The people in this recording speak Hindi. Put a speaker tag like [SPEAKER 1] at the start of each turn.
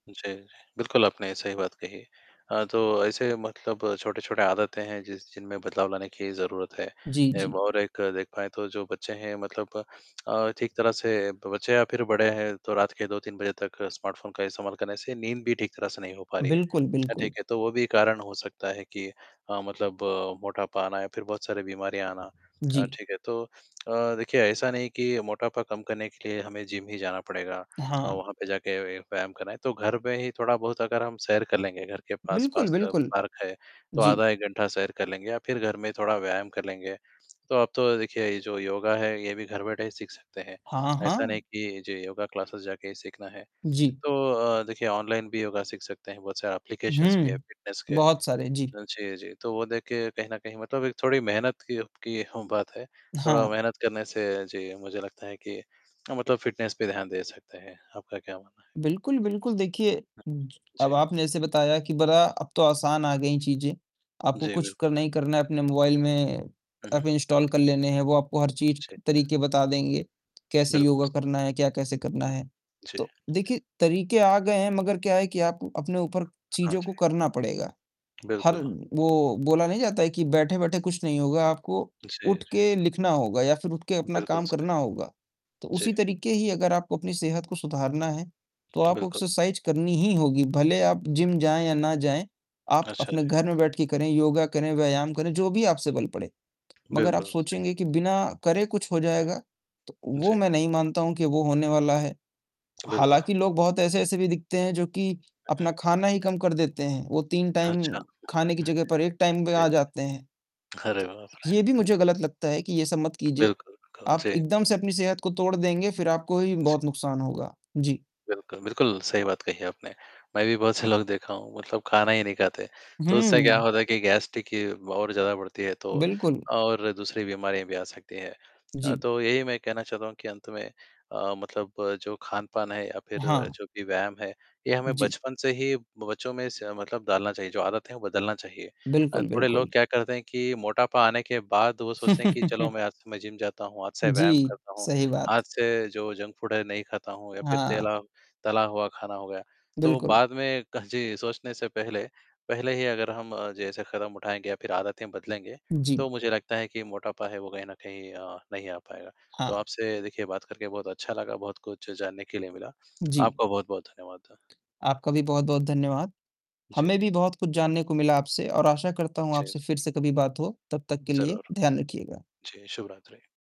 [SPEAKER 1] जी, बिल्कुल, आपने सही बात कही। अ, तो ऐसे मतलब छोटे-छोटे आदतें हैं, जिस जिनमें बदलाव लाने की ज़रूरत है,
[SPEAKER 2] जी,
[SPEAKER 1] ऐब
[SPEAKER 2] जी।
[SPEAKER 1] और एक देख पाएँ तो जो बच्चे हैं, मतलब अ, ठीक तरह से ब बच्चे या फिर बड़े हैं, तो रात के 2-3 बजे तक स्मार्टफ़ोन का इस्तेमाल करने से नींद भी ठीक तरह से नहीं हो पा रही है।
[SPEAKER 2] बिल्कुल,
[SPEAKER 1] अ, ठीक
[SPEAKER 2] बिल्कुल।
[SPEAKER 1] है, तो वो भी कारण हो सकता है कि अ, मतलब मोटापा आना या फिर बहुत सारे बीमारियाँ आना अ,
[SPEAKER 2] जी।
[SPEAKER 1] ठीक है, तो अ, देखिए, ऐसा नहीं कि मोटापा कम करने के लिए हमें जिम ही जाना पड़ेगा अ,
[SPEAKER 2] हाँ।
[SPEAKER 1] वहाँ पे जाके व व्यायाम करना है, तो घर पे ही थोड़ा-बहुत अगर हम सैर कर लेंगे, घर के
[SPEAKER 2] बिल्कुल,
[SPEAKER 1] पास-पास अ,
[SPEAKER 2] बिल्कुल।
[SPEAKER 1] पार्क है, तो
[SPEAKER 2] जी।
[SPEAKER 1] आधा 1 घंटा सैर कर लेंगे या फिर घर में थोड़ा व्यायाम कर लेंगे। तो अब तो देखिए, ये जो योगा है, ये भी घर बैठे ही सीख सकते हैं,
[SPEAKER 2] हाँ,
[SPEAKER 1] ऐसा नहीं
[SPEAKER 2] हाँ।
[SPEAKER 1] कि जी, योगा क्लासेज़ जाके ही सीखना है।
[SPEAKER 2] जी।
[SPEAKER 1] तो अ, देखिए, ऑनलाइन भी योगा सीख सकते हैं, बहुत सारे ऐप्लीकेशन्स भी हैं
[SPEAKER 2] हुँ।
[SPEAKER 1] फिटनेस के। अ,
[SPEAKER 2] बहुत सारे, जी।
[SPEAKER 1] जी, जी, तो वो देख के कहीं न कहीं मतलब एक थोड़ी मेहनत की उ की हों बात है, थोड़ा
[SPEAKER 2] हाँ।
[SPEAKER 1] मेहनत करने से जी, मुझे लगता है कि अ, मतलब फ़िटनेस पे ध्यान दे सकते हैं। आपका क्या मानना है?
[SPEAKER 2] बिल्कुल, बिल्कुल, देखिए,
[SPEAKER 1] ह
[SPEAKER 2] ज अब
[SPEAKER 1] जी।
[SPEAKER 2] आपने जैसे बताया कि बड़ा अब तो आसान आ गईं चीज़ें, आपको
[SPEAKER 1] जी,
[SPEAKER 2] कुछ
[SPEAKER 1] बिल्कुल।
[SPEAKER 2] करना ही करना है, अपने मोबाईल में
[SPEAKER 1] हुँ,
[SPEAKER 2] एप
[SPEAKER 1] हुँ।
[SPEAKER 2] इंस्टॉल कर लेने हैं, वो आपको हर चीज़
[SPEAKER 1] जी।
[SPEAKER 2] तरीके बता देंगे, कैसे
[SPEAKER 1] बिल्कुल
[SPEAKER 2] योगा
[SPEAKER 1] स
[SPEAKER 2] करना है, क्या कैसे करना है?
[SPEAKER 1] जी।
[SPEAKER 2] तो देखिए, तरीके आ गए हैं, मगर क्या है कि आप अपने ऊपर
[SPEAKER 1] हाँ
[SPEAKER 2] चीज़ों
[SPEAKER 1] जी।
[SPEAKER 2] को करना पड़ेगा, हर
[SPEAKER 1] बिल्कुल।
[SPEAKER 2] वो बोला नहीं जाता है कि बैठे-बैठे कुछ नहीं होगा, आपको
[SPEAKER 1] जी, जी।
[SPEAKER 2] उठके लिखना होगा या फिर उठके अपना
[SPEAKER 1] बिल्कुल
[SPEAKER 2] काम
[SPEAKER 1] सही।
[SPEAKER 2] करना होगा। तो
[SPEAKER 1] जी।
[SPEAKER 2] उसी तरीके ही अगर आपको अपनी सेहत को सुधारना है, तो आपको
[SPEAKER 1] बिल्कुल।
[SPEAKER 2] एक्सरसाइज़ करनी ही होगी, भले आप जिम जाएँ या ना जाएँ, आप
[SPEAKER 1] अच्छा,
[SPEAKER 2] अपने
[SPEAKER 1] जी।
[SPEAKER 2] घर में बैठके करें, योगा करें, व्यायाम करें, जो भी आपसे बल पड़े। मगर आप
[SPEAKER 1] बिल्कुल सही।
[SPEAKER 2] सोचेंगे कि बिना करे कुछ हो जाएगा, तो वो
[SPEAKER 1] जी।
[SPEAKER 2] मैं नहीं मानता हूँ कि वो होने वाला है,
[SPEAKER 1] बिल्कुल।
[SPEAKER 2] हालाँकि, लोग बहुत ऐसे-ऐसे भी दिखते हैं, जो कि
[SPEAKER 1] हुँ,
[SPEAKER 2] अपना
[SPEAKER 1] हुँ।
[SPEAKER 2] खाना ही कम कर देते हैं। वो 3 टाइम
[SPEAKER 1] अच्छा।
[SPEAKER 2] खाने की
[SPEAKER 1] हुँ,
[SPEAKER 2] जगह पर 1 टाइम पे
[SPEAKER 1] जी।
[SPEAKER 2] आ जाते हैं।
[SPEAKER 1] अरे,
[SPEAKER 2] तो
[SPEAKER 1] बाप रे!
[SPEAKER 2] ये भी
[SPEAKER 1] हुँ।
[SPEAKER 2] मुझे गलत लगता है कि ये सब मत कीजिए।
[SPEAKER 1] बिल्कुल, बिल्कुल।
[SPEAKER 2] आप
[SPEAKER 1] जी।
[SPEAKER 2] एकदम से अपनी सेहत को तोड़ देंगे, फिर आपको ही
[SPEAKER 1] जी।
[SPEAKER 2] बहुत नुकसान होगा। जी।
[SPEAKER 1] बिल्कुल, बिल्कुल, सही बात कही आपने। मैं भी बहुत से लोग देखा हूँ, मतलब खाना ही नहीं खाते। तो उससे क्या
[SPEAKER 2] हुँ।
[SPEAKER 1] होता है कि गैस, देखिए वो और ज़्यादा बढ़ती है, तो
[SPEAKER 2] बिल्कुल।
[SPEAKER 1] और दूसरी बीमारियाँ भी आ सकती हैं। अ,
[SPEAKER 2] जी।
[SPEAKER 1] तो यही मैं कहना चाहता हूँ कि अंत में अ, मतलब जो खान-पान है, या फिर
[SPEAKER 2] हाँ।
[SPEAKER 1] जो भी व्यायाम है, ये हमें
[SPEAKER 2] जी।
[SPEAKER 1] बचपन से ही बच्चों में स मतलब डालना चाहिए, जो आदत है, वो बदलना चाहिए। अ,
[SPEAKER 2] बिल्कुल,
[SPEAKER 1] थोड़े लोग
[SPEAKER 2] बिल्कुल।
[SPEAKER 1] क्या करते हैं कि मोटापा आने के बाद, वो सोचते हैं कि चलो, मैं आज से मैं जिम जाता हूँ, आज से व्यायाम
[SPEAKER 2] जी,
[SPEAKER 1] करता हूँ,
[SPEAKER 2] सही बात।
[SPEAKER 1] आज से जो जंक फ़ूड है, नहीं खाता हूँ, या फिर
[SPEAKER 2] हाँ।
[SPEAKER 1] तेला तला हुआ खाना हो गया। तो
[SPEAKER 2] बिल्कुल।
[SPEAKER 1] बाद में क जी, सोचने से पहले पहले ही अगर हम जैसे कदम उठाएँगे या फिर आदतें बदलेंगे,
[SPEAKER 2] जी।
[SPEAKER 1] तो मुझे लगता है कि मोटापा है, वो कहीं न कहीं अ, नहीं आ पाएगा। तो
[SPEAKER 2] हाँ।
[SPEAKER 1] आपसे देखिए, बात करके बहुत अच्छा लगा, बहुत कुछ जानने के लिए मिला,
[SPEAKER 2] जी।
[SPEAKER 1] आपका बहुत-बहुत धन्यवाद।
[SPEAKER 2] आपका भी बहुत-बहुत धन्यवाद। हमें
[SPEAKER 1] जी।
[SPEAKER 2] भी बहुत कुछ जानने को मिला आपसे और आशा करता हूँ,
[SPEAKER 1] जी।
[SPEAKER 2] आपसे फिर से कभी बात हो। तब तक के लिए
[SPEAKER 1] ज़रूर।
[SPEAKER 2] ध्यान रखिएगा।
[SPEAKER 1] जी, शुभरात्रि।